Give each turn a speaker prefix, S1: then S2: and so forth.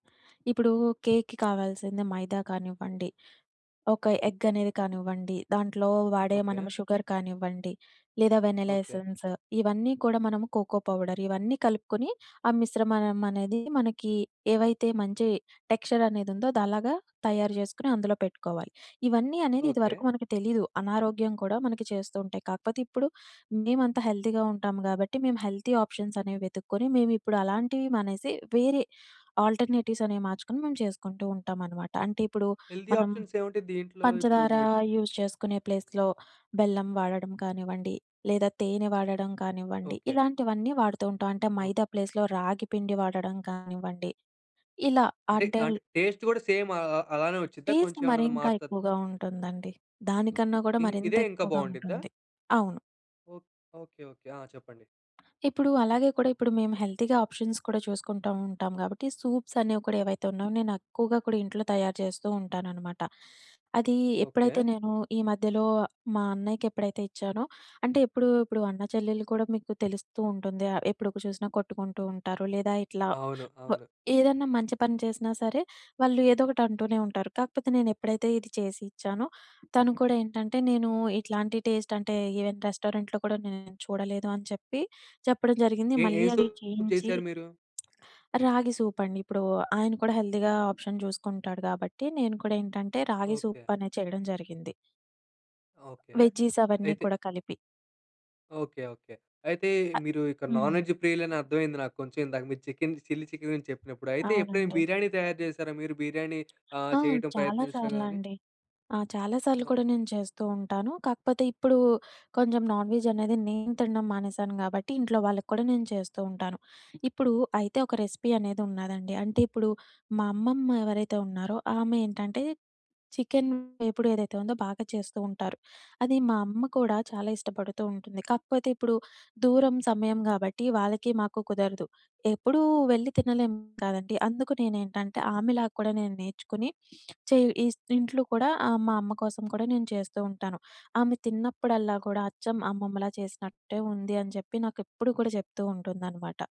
S1: ఇప్పుడూ, కేక్‌కి కావాల్సింది మైదా కానివ్వండి, ఒక ఎగ్గనేది కానివ్వండి, దాంట్లో వాడే మనము
S2: ఓకే.
S1: షుగర్ కానివ్వండి, లేదా వెనెలా
S2: ఓకే.
S1: ఎసెన్సు, ఇవన్నీ కూడా మనము కోకో పౌడర్ ఇవన్నీ కలుపుకుని, ఆ మిశ్రమమనేది మనకీ, ఏవైతే మంచి టెక్స్చర‌నేదుందో అదలగా తయారు జేసుకుని, అందులో పెట్టుకోవాలి. ఇవన్నీ అనేది
S2: ఓకే.
S1: ఇదివరకు మనకు తెలీదు. అనారోగ్యం కూడా మనకి చేస్తూ ఉంటాయి. కాకపోతే ఇప్పుడు, మేమంతా హెల్దీగా ఉంటాం గాబట్టి, మేం హెల్తీ ఆప్షన్సనేవి వెతుక్కొని, మేమిప్పుడు అలాంటివి మానేసి, వేరే ఆల్టర్‌నేటివ్సనేవి మార్చుకొని, మేము చేసుకుంటూ ఉంటామనమాట. అంటే ఇప్పుడు,
S2: హెల్దీ
S1: మనం
S2: ఆప్షన్సేముంటాయి దీంట్లో? ఇప్పుడు
S1: పంచదారా
S2: మీరు చె
S1: యూజ్ చేసుకునే ప్లేస్‌లో బెల్లం వాడడం కానివ్వండి, లేదా తేనె వాడడం కానివ్వండి,
S2: ఓకే.
S1: ఇలాంటివన్నీ వాడుతూ ఉంటాం. అంటే
S2: ఓహ్!
S1: మైదా ప్లేస్‌లో, రాగి పిండి వాడడం కానివ్వండి, ఇలా
S2: అంటే,
S1: అంటెల్
S2: ఆంటే టేస్ట్ గూడా సేమ్ అల్ అ అలానే వచ్చిద్దా?
S1: టేస్ట్
S2: కొంచెం ఏమన్నది
S1: మరింకా
S2: మారతదా?
S1: ఎక్కువగా ఉంటుందండి. దానికన్నా గూడా
S2: ఇన్ ఇదే ఇంకా
S1: మరింతెక్కువగా
S2: బావుండిద్దా?
S1: ఉంటుంది. అవును.
S2: ఓహ్, ఓకే. ఓకే. ఆ! చెప్పండి.
S1: ఇప్పుడూ, అలాగే కూడా ఇప్పుడు మేము హెల్తీగా ఆప్షన్స్ కూడా చూసుకుంటా ఉంటాం గాబట్టి, సూప్సనేవి కూడా ఏవైతే ఉన్నవో, నేనెక్కువగా కూడా ఇంట్లో తయారు చేస్తూ ఉంటాననమాట. అదీ ఎప్పుడైతే
S2: ఓకే.
S1: నేను ఈ మధ్యలో, మా అన్నయ్యకెప్పుడైతే ఇచ్చానో, అంటే ఎప్పుడు ఇప్పుడు అన్నాచెల్లెల్లు కూడా మీకు తెలుస్తూ ఉంటుంది ఆహ్, ఎప్పుడు కు చూసినా కొట్టుకుంటూ ఉంటారు. లేదా ఇట్లా
S2: అవును.
S1: ఆహ్,
S2: అవును.
S1: ఏదన్నా మంచి పని చేసినా సరే, వాళ్ళు ఏదోకటంటూనే ఉంటారు. కాకపోతే నేనెప్పుడైతే ఇది చేసి ఇచ్చానో, తను కూడా ఏంటంటే, నేనూ ఇట్లాంటి టేస్టంటే ఇవెన్ రెస్టారెంట్‌లో కూడా నేను చూడలేదు అని చెప్పి, చెప్పడం జరిగింది.
S2: ఏ ఏ
S1: మళ్ళీ అదే
S2: సూపు
S1: చేయించి
S2: చేశారు మీరు?
S1: రాగి సూపండి. ఇప్పుడూ ఆయన కూడా హెల్దీగా ఆప్షన్ చూస్కుంటాడు గాబట్టి, నేను కూడా ఏంటంటే, రాగి
S2: ఓకే.
S1: సూపనేది చేయడం జరిగింది.
S2: ఓకే.
S1: వెజ్జీస్ అవన్నీ
S2: అయితే
S1: కూడా కలిపి.
S2: ఓకే. ఓకే. అయితే మీరు ఇక్కడ
S1: అ
S2: నాన్
S1: హ్మ్.
S2: వెజ్ ప్రియులని అర్థమైంది నాకు కొంచెం. ఇందాక మీరు చెకెన్‌ది చిల్లీ చికెన్ గురించి చెప్పినప్పుడు. అయితే ఎప్పుడైనా,
S1: అవునండి.
S2: బిర్యానీ తయారు చేశారా మీరు? బిర్యానీ ఆహ్,
S1: ఆ!
S2: చేయటం
S1: చాలా
S2: ప్రయత్నించడం గానీ?
S1: సార్లండి. ఆ! చాలా సార్లు
S2: ఓహ్!
S1: కూడా, నేను చేస్తూ ఉంటాను. కాకపోతే ఇప్పుడూ, కొంచెం నాన్ వెజ్ అనేది, నేను తినడం మానేశాను గాబట్టి, ఇంట్లో వాళ్ళక్కూడా నేను చేస్తూ ఉంటాను. ఇప్పుడు అయితే ఒక రెసిపీ అనేదున్నా‌దండి, అంటే ఇప్పుడు, మా అమ్మమ్మ ఎవరైతే ఉన్నారో, ఆమేంటంటే చికెన్ వేపుడేదైతే ఉందో, బాగా చేస్తూ ఉంటారు. అది మా అమ్మ కూడా చాలా ఇష్టపడుతూ ఉంటుంది. కాకపోతే ఇప్పుడు, దూరం, సమయం గాబట్టి వాళ్ళకీ, మాకు కుదరదు. ఎప్పుడూ వెళ్ళి తినలేం కదండి. అందుకు నేనేంటంటే, ఆమెలా కూడా నేను నేర్చుకుని చేయు ఈస్ ఇంట్లో కూడా ఆహ్, మా అమ్మ కోసం కూడా, నేను చేస్తూ ఉంటాను. ఆమె తిన్నప్పుడల్లా కూడా, అచ్చం అమ్మమ్మలా చేసినట్టే ఉంది అని చెప్పి, నాకెప్పుడూ కూడా చెప్తూ ఉంటుందనమాట.